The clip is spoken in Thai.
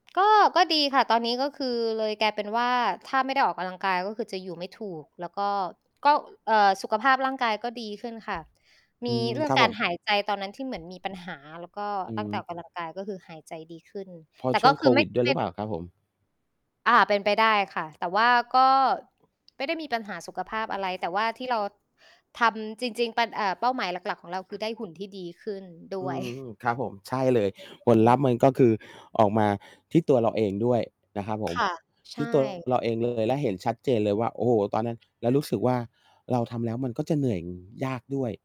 ก็ ก็ดีค่ะ ตอนนี้ก็คือเลยกลายเป็นว่า ถ้าไม่ได้ออกกำลังกาย ก็คือจะอยู่ไม่ถูก แล้วก็ ก็ เอ่อ สุขภาพร่างกายก็ดีขึ้นค่ะ มอืีม เรื่อคงรับกผารม หายใจตอนนั้นที่เหมือนมีปัญหา แล้วก็ อืตั้งแต่ม ออกกำลังกาย ก็คือหายใจดีขึ้น เพราแตะ่ช่ก็วงคโืคอไวม่ ิดด้วยไมหร่ ือเปล่าครับผม? อา เป็นไปได้ค่ะ แต่ว่า ก็ไม่ได้มีปัญหาสุขภาพอะไร แต่ว่าที่เราทำจริง ๆ ป เอ่อ เป้าหมายหลัก ๆ ของเราคือได้หุ่นที่ดีขึ้น ดอ้ืวย ม ๆ ครับผม ใช่เลอืย อ อืม ผอือ อลืลัพธม ์ มันก็คือออกมาที่ตัวเราเอง ด้วย นะครับผคม ่ะ ใทชี่ ตัว่ เรา เองเลย และเห็นชัดเจนเลยว่า โอ้โฮ ตอนนั้น แล้อวา รู้สึกว่า เราทำแล้ว มันก็จะ เหนื่อย ยากด้วย